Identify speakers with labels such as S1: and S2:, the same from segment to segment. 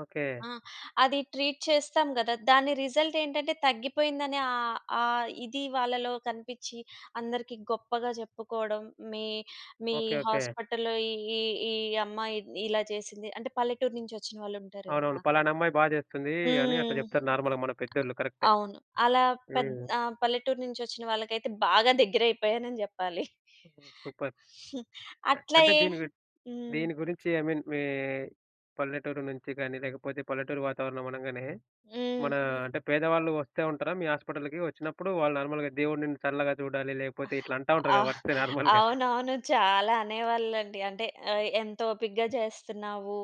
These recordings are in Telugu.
S1: ఓకే.
S2: ఆ! అది ట్రీట్ చేస్తాం గదా. దాని రిజల్ట్ ఏంటంటే తగ్గిపోయిందనె ఆహ్, ఆ ఇది వాళ్ళలో కనిపిచ్చి, అందరికి గొప్పగా జెప్పుకోవడం. మీ మీ
S1: ఓకే. ఓకే.
S2: హాస్పిటల్‌లో ఈ ఈ ఈ అమ్మాయి ఇలా చేసింది. అంటే పల్లెటూరు నుంచి ఒచ్చిన వాళ్ళుంటారు
S1: అవునవును.
S2: గదా!
S1: పలానమ్మాయి బా జేస్తుంది, అని అట్లా
S2: హ్మ్.
S1: జెప్తారు నార్మల్‌గా మన పెద్దోళ్ళు. కరెక్టే.
S2: అవును. అలా పెద్
S1: హ్మ్.
S2: ఆ! పల్లెటూరు నుంచి ఒచ్చిన వాళ్ళకైతే బాగా దగ్గరయిపోయానని జెప్పాలి.
S1: ఓహ్! సూపర్.
S2: హ్మ్.
S1: అ
S2: అట్లా
S1: అంటే
S2: ఏ
S1: దీని గు
S2: హ్మ్.
S1: దీని గురించి ఐ మీన్ మీ పల్లెటూరు నుంచి గాని లేకపోతే పల్లెటూరి వాతావరణం అనంగానే
S2: హ్మ్.
S1: మన అంటే పేదవాళ్ళు వస్తే ఉంటారా, మీ హాస్పిటల్‌కి? ఒచ్చినప్పుడు వాళ్ళు నార్మల్‌గా దేవుడు నిన్ను చల్లగా చూడాలి లేకపోతే ఇట్లా అంటా
S2: ఆ!
S1: ఉంటారుగా వస్తే నార్మల్‌గా.
S2: అవునవును. చాలా అనేవాళ్ళండి. అంటే ఆహ్, ఎంతొపికగా చేస్తున్నావు.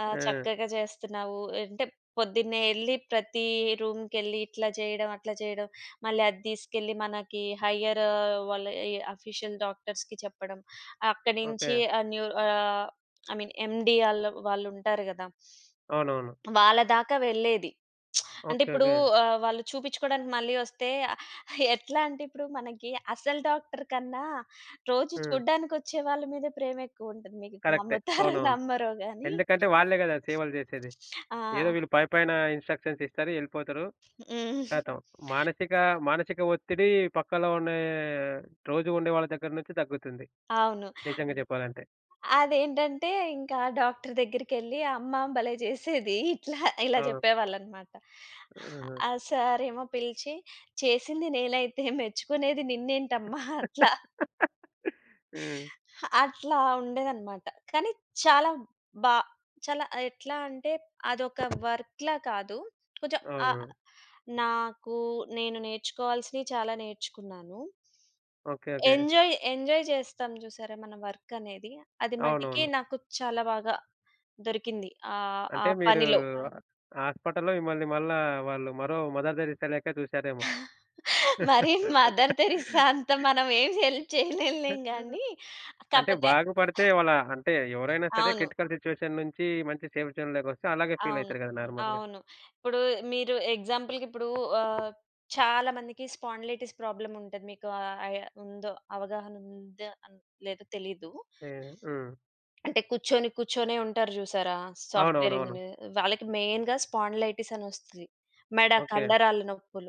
S2: ఆహ్,
S1: ఆ!
S2: చక్కగా జేస్తున్నావు. అంటే పొద్దున్నే ఎళ్లి ప్రతి రూమ్‌కెళ్లి ఇట్లా జేయడం అట్లా జేయడం. మళ్ళీ అద్దీసుకెళ్ళి, మనకి హైయ్యర్ వాళ్ళ ఈ ఆఫీషియల్ డాక్టర్స్‌కి చెప్పడం. అక్కడినుంచి
S1: ఓకే.
S2: ఆహ్, న్యూ ఆహ్, ఐ మీన్ ఎండీ ఆళ్ళు వాళ్ళుంటారు గదా!
S1: అవునవును.
S2: వాళ్ళ దాకా వెళ్ళేది. అంటే
S1: ఓకే.
S2: ఇప్పుడు
S1: ఓకే.
S2: ఆహ్, వాళ్ళు చూపిచ్చుకోడానికి మళ్ళీ ఒస్తే ఎట్లా అంటే ఇప్పుడు మనకి అసలు డాక్టరు కన్నా రోజు
S1: హ్మ్.
S2: చూడ్డానికొచ్చే వాళ్ళ మీదె ప్రేమ ఎక్కువ ఉంటుంది. మీకు
S1: కరెక్టే.
S2: నమ్ముతారో
S1: అవునవును.
S2: నమ్మరో గాని.
S1: ఎందుకంటే వాళ్ళే గదా సేవలు జేసేది.
S2: ఆ!
S1: ఏదో వీళ్ళు పైపైన ఇన్స్‌ట్రషన్స్ ఇస్తారు, ఎళ్ళిపోతరు.
S2: హ్మ్.
S1: ఖతం మానసిక, మానసిక ఒత్తిడి పక్కలొ ఉనే, రోజు ఉండే వాళ్ళ దగ్గర నుంచి దగ్గుతుంది.
S2: అవును.
S1: నిజంగా చెప్పాలంటే.
S2: అదేంటంటే ఇంకా ఆ డాక్టరు దెగ్గరికెళ్లి "అమ్మ భలే జేసేది" ఇట్లా ఇలా
S1: ఆ!
S2: జెప్పేవాళ్ళన్నమాట.
S1: ఆహ!
S2: ఆ సారేమో పిలిచి, "చేసింది నేనైతే మెచ్చుకునేది నిన్నేంటమ్మా" అట్లా.
S1: హ్మ్.
S2: అట్లా ఉండేదన్నమాట. కానీ చాలా బా చాలా ఎట్లా అంటే అదొక వర్క్‌లా కాదు. కొంచెం ఆహ్,
S1: అవును.
S2: నాకు నేను నేర్చుకోవాల్సినియి చాలా నేర్చుకున్నాను.
S1: ఓకే. ఓకే.
S2: ఎంజాయ్, ఎంజాయ్ జేస్తాం చూసారా మన వర్కనేది. అది మటికి
S1: అవునవును.
S2: నాకు చాలా బాగా దొరికింది. ఆహ్, ఆ
S1: అంటే మీరు
S2: పనిలో.
S1: హాస్పిటల్‌‌లో మిమ్మల్ని మళ్ళా వాళ్ళు మరో మదర్ థెరిస్సా లెక్క జూసారేమో.
S2: మరి మదర్ థెరిస్సా అంత మనమేం హెల్ప్ చేయలేములే
S1: ఆహా!
S2: గాని
S1: అంటే,
S2: కాపోతే
S1: బాగుపడితే వాళ్ళ అంటే ఎవరైనా సరే
S2: అవును.
S1: క్రిటికల్ సిట్యుయేషన్ నుంచి మంచి సేఫ్ జోన్‌లోకొస్తే అలాగే
S2: అవును.
S1: ఫీల‌యితరు గదా నార్మల్‌గా.
S2: అవును. ఇప్పుడు మీరు ఎగ్జాంపుల్‌కి ఇప్పుడు ఆహ్, చాలా మందికి స్పాండిలైటిస్ ప్రాబ్లమ్ ఉంటది. మీకు ఐ ఉందో అవగాహన ఉందో లేదో తెలీదు.
S1: తే హ్మ్.
S2: అంటే కూర్చొని కూర్చొనే ఉంటారు జూసారా, సాఫ్ట్‌వేర్
S1: అవునవునవును.
S2: ఇంజినీర్. వాళ్ళకి మెయిన్‌గా స్పాండిలైటిస్ అనొస్తది. మెడ
S1: ఓకే.
S2: కండరాల నొప్పులు.